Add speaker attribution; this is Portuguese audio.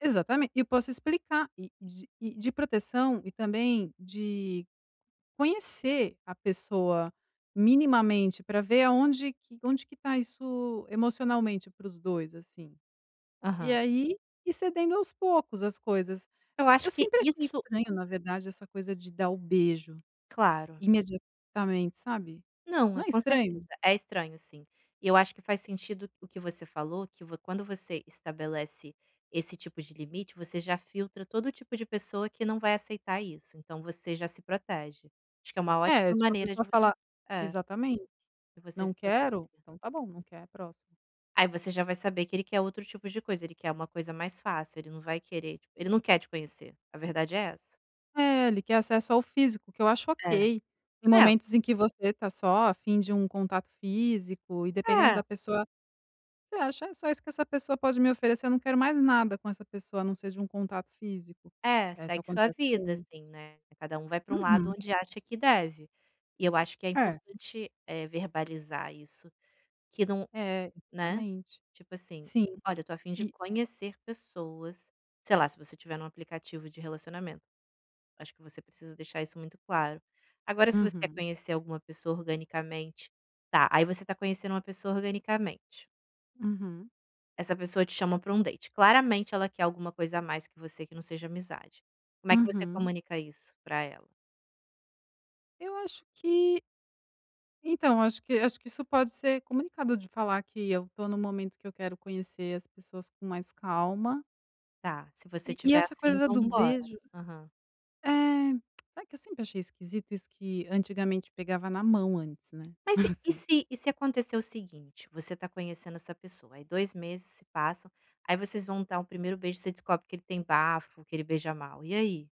Speaker 1: Exatamente, e eu posso explicar e de e de proteção e também de conhecer a pessoa minimamente para ver aonde que onde que está isso emocionalmente para os 2, assim. E
Speaker 2: Aham.
Speaker 1: aí, e cedendo aos poucos as coisas.
Speaker 2: Eu
Speaker 1: Eu
Speaker 2: acho que
Speaker 1: sempre achei
Speaker 2: isso
Speaker 1: estranho na verdade essa coisa de dar o beijo,
Speaker 2: Claro.
Speaker 1: imediatamente sabe.
Speaker 2: Não,
Speaker 1: Não
Speaker 2: é
Speaker 1: é
Speaker 2: com certeza,
Speaker 1: estranho?
Speaker 2: é estranho sim, e eu acho que faz sentido o que você falou que vo quando você estabelece esse tipo de limite você já filtra todo o tipo de pessoa que não vai aceitar isso, então você já se protege, acho que é uma
Speaker 1: É,
Speaker 2: ótima
Speaker 1: se uma
Speaker 2: maneira de
Speaker 1: pessoa
Speaker 2: você.
Speaker 1: fala
Speaker 2: É.
Speaker 1: exatamente,
Speaker 2: De você
Speaker 1: "não
Speaker 2: se proteger.
Speaker 1: quero, então tá bom, não quer, próximo".
Speaker 2: Aí você já vai saber que ele quer outro tipo de coisa, ele quer uma coisa mais fácil, ele não vai querer, tipo, ele não quer te conhecer, a verdade é essa.
Speaker 1: É, ele quer acesso ao físico, que eu acho
Speaker 2: É,
Speaker 1: ok, tem
Speaker 2: é.
Speaker 1: momentos em que você está só afim de um contato físico e dependendo
Speaker 2: É.
Speaker 1: da pessoa, você acha é só isso que essa pessoa pode me oferecer, não quero mais nada com essa pessoa a não ser de um contato físico.
Speaker 2: É,
Speaker 1: É, isso
Speaker 2: segue sua
Speaker 1: acontece
Speaker 2: vida
Speaker 1: com
Speaker 2: assim, né, cada um vai pra um lado
Speaker 1: Uhum.
Speaker 2: onde acha que deve, e eu acho que é
Speaker 1: É.
Speaker 2: importante, eh, verbalizar isso, que não
Speaker 1: É,
Speaker 2: né,
Speaker 1: exatamente.
Speaker 2: tipo assim:
Speaker 1: Sim,
Speaker 2: "Olha, eu estou afim de
Speaker 1: e.
Speaker 2: conhecer pessoas.", sei lá se você tiver em um aplicativo de relacionamento, acho que você precisa deixar isso muito claro. Agora se você quer
Speaker 1: Uhum.
Speaker 2: conhecer alguma pessoa organicamente, tá, aí você está conhecendo uma pessoa organicamente.
Speaker 1: Uhum.
Speaker 2: Essa pessoa te chama pra um date, claramente ela quer alguma coisa a mais que você que não seja amizade. Como é que você
Speaker 1: Uhum.
Speaker 2: comunica isso pra ela?
Speaker 1: Eu acho que então acho que acho que isso pode ser comunicado de falar que eu estou no momento que eu quero conhecer as pessoas com mais calma
Speaker 2: Tá, se você
Speaker 1: e e
Speaker 2: tiver
Speaker 1: essa coisa
Speaker 2: afim
Speaker 1: da do
Speaker 2: vamos embora.
Speaker 1: beijo,
Speaker 2: Aham.
Speaker 1: eh, sabe que eu sempre achei esquisito isso que antigamente pegava na mão antes, né.
Speaker 2: Mas se e
Speaker 1: Assim.
Speaker 2: se e se acontecer o seguinte, você está conhecendo essa pessoa, aí 2 meses se passam aí vocês vão dar um 1º beijo você descobre que ele tem bafo, que ele beija mal, e aí?